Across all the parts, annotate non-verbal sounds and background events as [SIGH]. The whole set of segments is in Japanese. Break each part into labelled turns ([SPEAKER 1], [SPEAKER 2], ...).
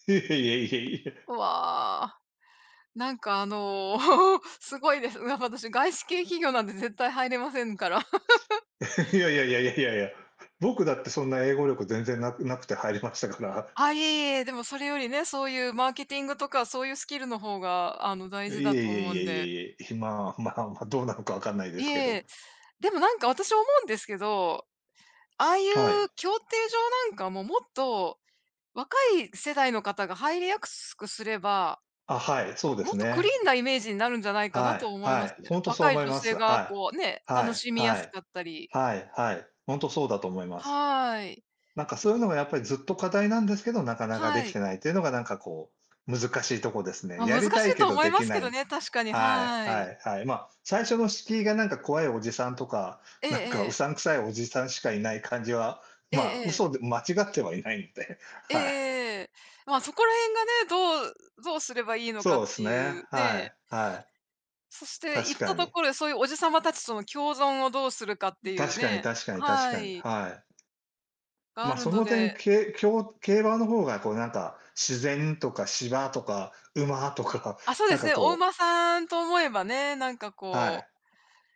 [SPEAKER 1] [CHUCKLES] いえいえいえ。
[SPEAKER 2] うわ。なんか、あの、すごいです。やっぱ私、外資系企業なんて絶対入れませんから。[CHUCKLES]
[SPEAKER 1] [CHUCKLES] いやいやいやいやいやいや。僕だってそんな英語力全然、無く無くて入りましたから。
[SPEAKER 2] あ、いえいえいえ、でもそれよりね、そういうマーケティングとかそういうスキルの方が、あの、
[SPEAKER 1] い
[SPEAKER 2] 大
[SPEAKER 1] えい
[SPEAKER 2] 事だと
[SPEAKER 1] え
[SPEAKER 2] 思
[SPEAKER 1] い
[SPEAKER 2] う
[SPEAKER 1] え
[SPEAKER 2] ん
[SPEAKER 1] い
[SPEAKER 2] で。
[SPEAKER 1] え、いえ。え、まあまあまあ、どうなのか分かんないで
[SPEAKER 2] い
[SPEAKER 1] すけど。
[SPEAKER 2] えでもなんか、私思うんですけど。ああい
[SPEAKER 1] はい。
[SPEAKER 2] う競艇場なんかももっと、若い世代の方が入りやすくすれば
[SPEAKER 1] あ、はい、そうで
[SPEAKER 2] も
[SPEAKER 1] す
[SPEAKER 2] っとクリ
[SPEAKER 1] ね。
[SPEAKER 2] ーンなイメージになるんじゃないかな
[SPEAKER 1] は
[SPEAKER 2] と
[SPEAKER 1] い
[SPEAKER 2] 思い
[SPEAKER 1] は
[SPEAKER 2] ます
[SPEAKER 1] い、
[SPEAKER 2] ね。
[SPEAKER 1] ほんとそう
[SPEAKER 2] 若い
[SPEAKER 1] 思い
[SPEAKER 2] 女
[SPEAKER 1] ます、
[SPEAKER 2] 性が
[SPEAKER 1] は
[SPEAKER 2] こう、ね、
[SPEAKER 1] い、は
[SPEAKER 2] 楽
[SPEAKER 1] い
[SPEAKER 2] しみや
[SPEAKER 1] は
[SPEAKER 2] す
[SPEAKER 1] い。
[SPEAKER 2] かったり。
[SPEAKER 1] はいはい。ほんとそうだと思います。
[SPEAKER 2] はい。
[SPEAKER 1] なんかそういうのがやっぱりずっと課題なんですけど、なかなか出
[SPEAKER 2] は
[SPEAKER 1] 来
[SPEAKER 2] い。
[SPEAKER 1] てないっていうのがなんかこう、難しいとこですね。
[SPEAKER 2] まあ、
[SPEAKER 1] や
[SPEAKER 2] 難しい
[SPEAKER 1] りたいけ
[SPEAKER 2] と
[SPEAKER 1] ど
[SPEAKER 2] 思い
[SPEAKER 1] 出
[SPEAKER 2] ま
[SPEAKER 1] 来
[SPEAKER 2] す
[SPEAKER 1] な
[SPEAKER 2] け
[SPEAKER 1] い
[SPEAKER 2] ど
[SPEAKER 1] みたい
[SPEAKER 2] ね、確かに、
[SPEAKER 1] はい
[SPEAKER 2] は
[SPEAKER 1] は
[SPEAKER 2] い。
[SPEAKER 1] いはい。ま、最初の敷居がなんか怖いおじさんとか、
[SPEAKER 2] ええ
[SPEAKER 1] なんか胡
[SPEAKER 2] ええ。
[SPEAKER 1] 散臭いおじさんしかいない感じは、
[SPEAKER 2] え
[SPEAKER 1] まあ、
[SPEAKER 2] えええ。
[SPEAKER 1] 嘘で間違ってはいないんで、
[SPEAKER 2] えええ
[SPEAKER 1] はい。
[SPEAKER 2] えええ。まあ、そこら辺がね、どうどうすればいいのか
[SPEAKER 1] そ
[SPEAKER 2] っ
[SPEAKER 1] う
[SPEAKER 2] て
[SPEAKER 1] すっ
[SPEAKER 2] いう
[SPEAKER 1] ね、は
[SPEAKER 2] ね。
[SPEAKER 1] いはい。
[SPEAKER 2] そして、
[SPEAKER 1] 確
[SPEAKER 2] 行っ
[SPEAKER 1] か
[SPEAKER 2] たと
[SPEAKER 1] に。
[SPEAKER 2] こで、そういうおじさま達との共存をどうするかっ
[SPEAKER 1] ん
[SPEAKER 2] ていう
[SPEAKER 1] 確かに
[SPEAKER 2] ね。
[SPEAKER 1] 確かに確
[SPEAKER 2] は
[SPEAKER 1] かに、
[SPEAKER 2] い。
[SPEAKER 1] はい。
[SPEAKER 2] があ
[SPEAKER 1] まあ、
[SPEAKER 2] る
[SPEAKER 1] そ
[SPEAKER 2] の
[SPEAKER 1] の点、
[SPEAKER 2] で
[SPEAKER 1] けいきょう競馬の方がこうなんか、自然とか芝とか馬とかが、
[SPEAKER 2] あ、そう
[SPEAKER 1] な
[SPEAKER 2] で
[SPEAKER 1] ん
[SPEAKER 2] す
[SPEAKER 1] か
[SPEAKER 2] ね、お
[SPEAKER 1] こう
[SPEAKER 2] 馬さんと思えばね、なんか
[SPEAKER 1] は
[SPEAKER 2] こう。
[SPEAKER 1] い。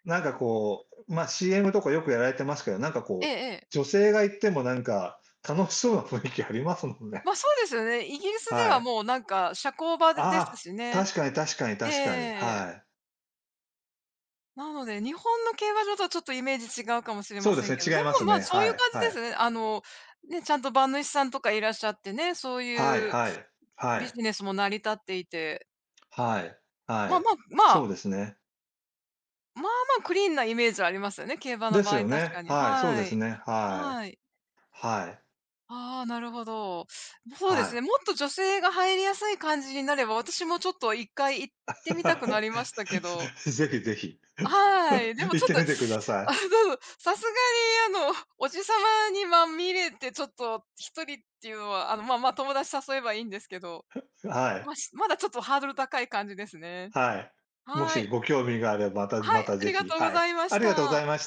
[SPEAKER 1] なんかこう、まあ、CM とかよくやられてますけど、なんか
[SPEAKER 2] ええ
[SPEAKER 1] こう、
[SPEAKER 2] ええ。
[SPEAKER 1] 女性が行ってもなんか楽しそうな雰囲気ありますもんね。
[SPEAKER 2] まあ、そうですよね。イギリスで
[SPEAKER 1] は
[SPEAKER 2] は
[SPEAKER 1] い。
[SPEAKER 2] もうなんか社交場でです
[SPEAKER 1] ああ、
[SPEAKER 2] しね。
[SPEAKER 1] 確かに確かに
[SPEAKER 2] ええええ
[SPEAKER 1] 確かに、
[SPEAKER 2] ええ。
[SPEAKER 1] はい。
[SPEAKER 2] なので、日本の競馬場とはちょっとイメージ違うかもしれ
[SPEAKER 1] そ
[SPEAKER 2] ま
[SPEAKER 1] うで
[SPEAKER 2] せ
[SPEAKER 1] す
[SPEAKER 2] んけど、
[SPEAKER 1] ね、
[SPEAKER 2] で
[SPEAKER 1] 違います
[SPEAKER 2] も、まあ、
[SPEAKER 1] ね、
[SPEAKER 2] そうい
[SPEAKER 1] は
[SPEAKER 2] う感
[SPEAKER 1] い
[SPEAKER 2] じ
[SPEAKER 1] は
[SPEAKER 2] で
[SPEAKER 1] い。
[SPEAKER 2] すね。あの、ね、ちゃんと馬主さんとかいらっしゃってね、そう
[SPEAKER 1] はい
[SPEAKER 2] いう
[SPEAKER 1] はい、は
[SPEAKER 2] ビ
[SPEAKER 1] い。
[SPEAKER 2] ジネスも成り立っていて。
[SPEAKER 1] はい、は
[SPEAKER 2] まあ
[SPEAKER 1] い、
[SPEAKER 2] まあま
[SPEAKER 1] そう
[SPEAKER 2] あ
[SPEAKER 1] ですね。
[SPEAKER 2] まあまあ、クリーンなイメージはありますよね、競馬の
[SPEAKER 1] で
[SPEAKER 2] 場
[SPEAKER 1] す
[SPEAKER 2] 合、
[SPEAKER 1] よ
[SPEAKER 2] 確
[SPEAKER 1] ね、
[SPEAKER 2] かに。
[SPEAKER 1] はい、そう
[SPEAKER 2] は
[SPEAKER 1] です
[SPEAKER 2] い、
[SPEAKER 1] ね、はい。
[SPEAKER 2] はい。
[SPEAKER 1] はい。
[SPEAKER 2] ああ、なるほど。そうで
[SPEAKER 1] は
[SPEAKER 2] す
[SPEAKER 1] い。
[SPEAKER 2] ね、もっと女性が入りやすい感じになれば、私もちょっと1回行ってみたくなりま
[SPEAKER 1] [CHUCKLES]
[SPEAKER 2] したけど。
[SPEAKER 1] 是非是非。
[SPEAKER 2] はい、で
[SPEAKER 1] [CHUCKLES] 行
[SPEAKER 2] もち
[SPEAKER 1] っ
[SPEAKER 2] ょっ
[SPEAKER 1] て
[SPEAKER 2] と、
[SPEAKER 1] みてくださ
[SPEAKER 2] あ
[SPEAKER 1] い。
[SPEAKER 2] の、さすがに、あの、おじさまにまみれてちょっと、1人っていうのは、あの、まあまあ友達誘えばいいんですけど。
[SPEAKER 1] [CHUCKLES] は
[SPEAKER 2] まあ、
[SPEAKER 1] い。
[SPEAKER 2] まだちょっとハードル高い感じですね。
[SPEAKER 1] はい。も
[SPEAKER 2] は
[SPEAKER 1] し
[SPEAKER 2] い。
[SPEAKER 1] ご興味があれば、また
[SPEAKER 2] は
[SPEAKER 1] ま
[SPEAKER 2] い、
[SPEAKER 1] た
[SPEAKER 2] あ
[SPEAKER 1] 是
[SPEAKER 2] りが
[SPEAKER 1] 非、
[SPEAKER 2] とうご
[SPEAKER 1] はい。
[SPEAKER 2] ざいま
[SPEAKER 1] あ
[SPEAKER 2] し
[SPEAKER 1] りがとうござ
[SPEAKER 2] た。
[SPEAKER 1] いまし